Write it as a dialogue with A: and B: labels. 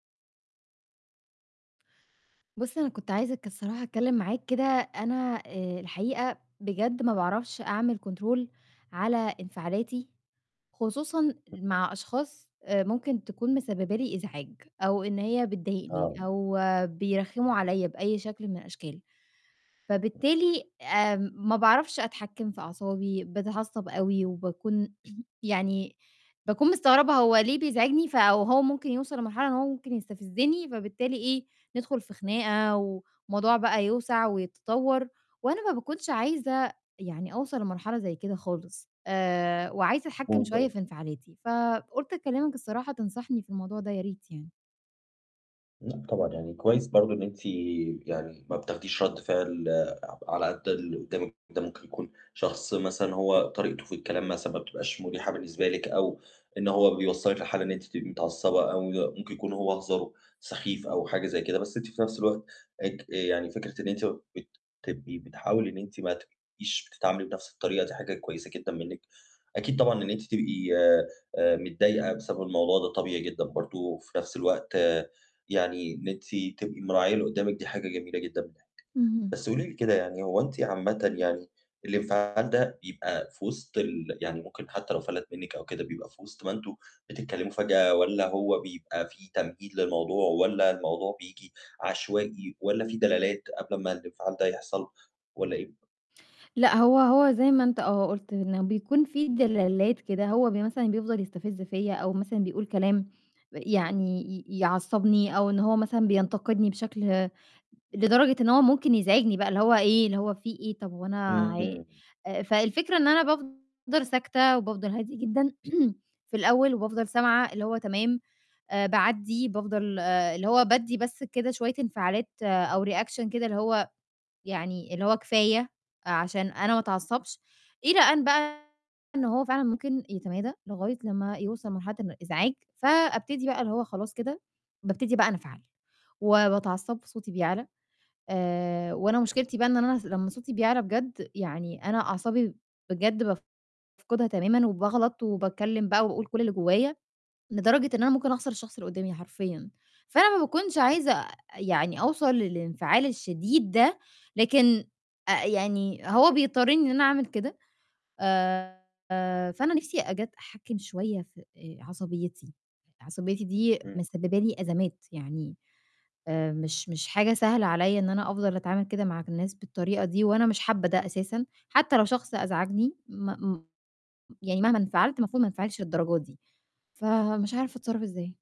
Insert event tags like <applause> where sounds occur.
A: بُص، أنا كنت عايزة ك الصراحة أتكلِّم معاك كده، أنا آآ الحقيقة بجد ما باعرفش أعمل كنترول على انفعالاتي، خصوصًا مع أشخاص آآ ممكن تكون مسبّبة لي إزعاج أو إن هي بتضايقني
B: آه.
A: أو بيرخّموا عليّا بأي شكل من الأشكال. فبالتالي آآ ما باعرفش أتحكّم في أعصابي، باتعصّب أوي وباكون <clears throat> يعني باكون مستغربة هو ليه بيزعجني، ف وهو ممكن يوصل لمرحلة إن هو ممكن يستفزّني، فبالتالي إيه، ندخل في خناقة والموضوع بقى يوسع ويتطوّر، وأنا ما باكونش عايزة يعني أوصل لمرحلة زي كده خالص. آآ وعايزة أتحكّم شوية
B: <unintelligible>
A: في انفعالاتي، فقُلت أكلِّمك الصراحة تنصحني في الموضوع ده يا ريت يعني.
B: لأ طبعًا، يعني كويس برضه إن أنتِ يعني ما بتاخديش رَد فعل على قد اللي قُدّامِك ده ممكن يكون شخص مثلًا هو طريقته في الكلام مثلًا ما بتبقاش مُريحة بالنسبة لِك أو إن هو بيوصّلِك لحالة إن أنتِ تبقي متعصّبة أو ممكن يكون هو هزاره سخيف أو حاجة زي كده، بس أنتِ في نَفْس الوقت اك آآ يعني فكرة إن أنتِ بت تبقي بتحاولي إن أنتِ ما تبقيش بتتعاملي بنَفْس الطريقة دي حاجة كويسة جدًا منِّك. أكيد طبعًا إن أنتِ تبقي آآ متضايقة بسبب الموضوع ده طبيعي جدًا برضه، وفي نَفْس الوقت يعني إن أنتِ تبقي مراعية اللي قُدّامِك دي حاجة جميلة جدًا منِّك.
A: اهم.
B: بس قولي لي كده يعني هو أنتِ عامةً يعني الانفعال ده بيبقى فوِسط ال يعني ممكن حتّى لو فَلَت منِّك أو كده بيبقى فوِسط ما أنتم بتتكلِّموا فجأة، والّا هو بيبقى في تمهيد للموضوع والّا الموضوع بييجي عشوائي والّا في دلالات قبل ما الإنفعال ده يحصل والّا إيه؟
A: لأ، هو هو زي ما أنت آه، قُلت إنه بيكون في دلالات كده، هو ب مثلًا بيفضل يستفز فيّا أو مثلًا بيقول كلام يعني ي يعصّبني أو إن هو مثلًا بينتقدني بشكل، لدرجة إن هو ممكن يزعجني بقى اللي هو إيه، اللي هو في إيه؟ طَب وأنا ع
B: إمم.
A: آآ فالفكرة إن أنا بافضل ساكتة وبافضل هادية جدًا <clears throat> في الأول وبافضل سامعة اللي هو تمام، آآ باعدّي، بافضل آآ اللي هو بادّي بس كده شوية انفعالات أو reaction كده اللي هو يعني اللي هو كفاية، عشان أنا ما أتعصّبش إلى أن بقى إن هو فعلًا ممكن يتمادى لغاية لمّا يوصل مرحلة الإزعاج، فأبتدي بقى اللي هو خلاص كده، بابتدي بقى أنفعل وباتعصّب صوتي بيعلى، آآ وأنا مشكلتي بقى إن أنا ص لمّا صوتي بيعلى بجد يعني أنا أعصابي بجد بافقدها تمامُا وباغلط وباتكلِّم بقى وباقول كل اللي جوّايا، لدرجة إن أنا ممكن أخسر الشخص اللي قُدّامي حرفيًا، فأنا ما باكونش عايزة يعني أوصل للإنفعال الشديد ده، لكن آآ يعني هو بيضطرّني إن أنا أعمل كده، آآ فأنا نِفْسي أجت أحكِّم شوية في آآ عصبيّتي، عصبيّتي دي
B: إمم.
A: مسبّبة لي أزمات، يعني آآ مش مش حاجة سهلة عليّا إن أنا أفضل أتعامل كده مع الناس بالطريقة دي وأنا مش حابّة ده أساسًا، حتّى لو شخص أزعجني م يعني مهما انفعلت المفروض ما أنفعلش للدرجة دي، فمش عارفة أتصرّف إزاي؟